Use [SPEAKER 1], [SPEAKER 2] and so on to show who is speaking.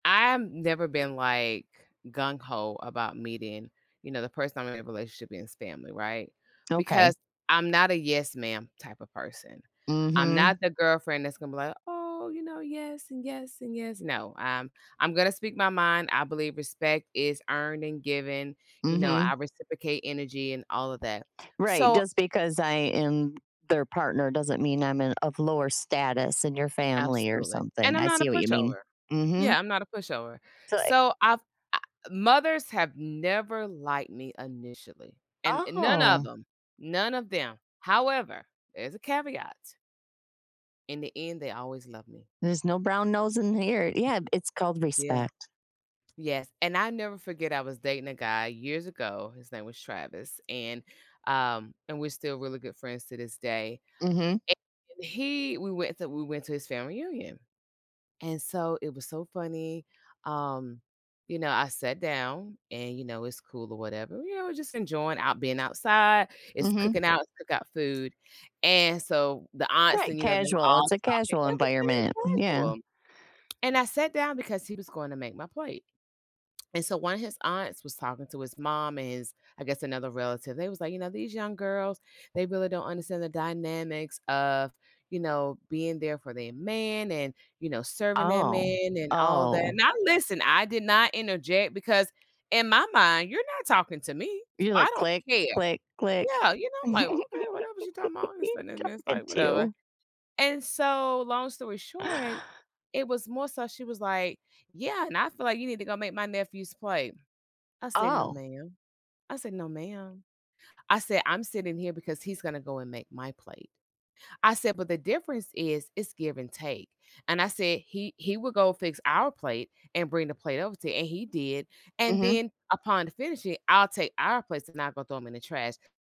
[SPEAKER 1] I've never been, like, gung-ho about meeting, you know, the person I'm in a relationship in's family, right?
[SPEAKER 2] Okay.
[SPEAKER 1] Because I'm not a "yes, ma'am" type of person. I'm
[SPEAKER 2] Mhm.
[SPEAKER 1] not the girlfriend that's gonna be like, "Oh," you know, "Yes and yes and yes." No. I I'm I'm gonna speak my mind, I believe respect is earned and given. You know, I
[SPEAKER 2] Mhm.
[SPEAKER 1] reciprocate energy and all of that.
[SPEAKER 2] Right,
[SPEAKER 1] So
[SPEAKER 2] just because I am their partner doesn't mean I'm in of lower status in your family or
[SPEAKER 1] Absolutely, and
[SPEAKER 2] something,
[SPEAKER 1] I'm
[SPEAKER 2] I
[SPEAKER 1] not a
[SPEAKER 2] see what you mean.
[SPEAKER 1] pushover.
[SPEAKER 2] Mhm.
[SPEAKER 1] Yeah, I'm not a pushover.
[SPEAKER 2] So, i
[SPEAKER 1] So, I f I mothers have never liked me initially, and and none of
[SPEAKER 2] Oh.
[SPEAKER 1] 'em, none of them. However, there's a caveat in the end, they always love me.
[SPEAKER 2] There's no brown nosing here Yeah, it's called
[SPEAKER 1] Yeah.
[SPEAKER 2] respect.
[SPEAKER 1] Yes, and I will never forget, I was dating a guy, years ago, his name was Travis, and, um and we're still really good friends to this day
[SPEAKER 2] Mhm.
[SPEAKER 1] and he we went to we went to his family reunion. And so it was so funny, um, you know, I sat down, and, you know, it's cool or whatever. You know, we're just enjoying out being outside, it's
[SPEAKER 2] Mhm.
[SPEAKER 1] cooking out cook out food, and so the aunts
[SPEAKER 2] Right
[SPEAKER 1] and, you know, they were
[SPEAKER 2] casual,
[SPEAKER 1] all
[SPEAKER 2] it's a
[SPEAKER 1] talking,
[SPEAKER 2] casual
[SPEAKER 1] it was very
[SPEAKER 2] environment. Mm yeah.
[SPEAKER 1] casual, and I sat down because he was going to make my plate, and so, one of his aunts was talking to his mom and his I guess, another relative, they was like, you know, "These young girls, they really don't understand the dynamics of, you know, being there for their man, and, you know, serving their
[SPEAKER 2] Oh.
[SPEAKER 1] man," and all that.
[SPEAKER 2] Oh.
[SPEAKER 1] Now listen, I did not interject, because in my mind, you're not talking to me, s
[SPEAKER 2] You're
[SPEAKER 1] I
[SPEAKER 2] like,
[SPEAKER 1] don't
[SPEAKER 2] "Click,
[SPEAKER 1] care.
[SPEAKER 2] click, click."
[SPEAKER 1] Yeah, you know, I'm like, "Okay, whatever she talking
[SPEAKER 2] "Who're
[SPEAKER 1] about, this
[SPEAKER 2] you
[SPEAKER 1] then and this"
[SPEAKER 2] talking
[SPEAKER 1] like, "Whatever."
[SPEAKER 2] to?"
[SPEAKER 1] And so, long story short, it was more so she was, like, "Yeah, and I feel like you need to go make my nephew's plate." I said, "No,
[SPEAKER 2] Oh.
[SPEAKER 1] ma'am." I said, "No, ma'am." I said, "I'm sitting here because he's gonna go and make my plate." I said, "But the difference is, it's give and take." And I said, "He he will go fix our plate, and bring the plate over to you," and he did, and
[SPEAKER 2] Mhm.
[SPEAKER 1] then, upon finishing, I'll take our plates and I'll go throw them in the trash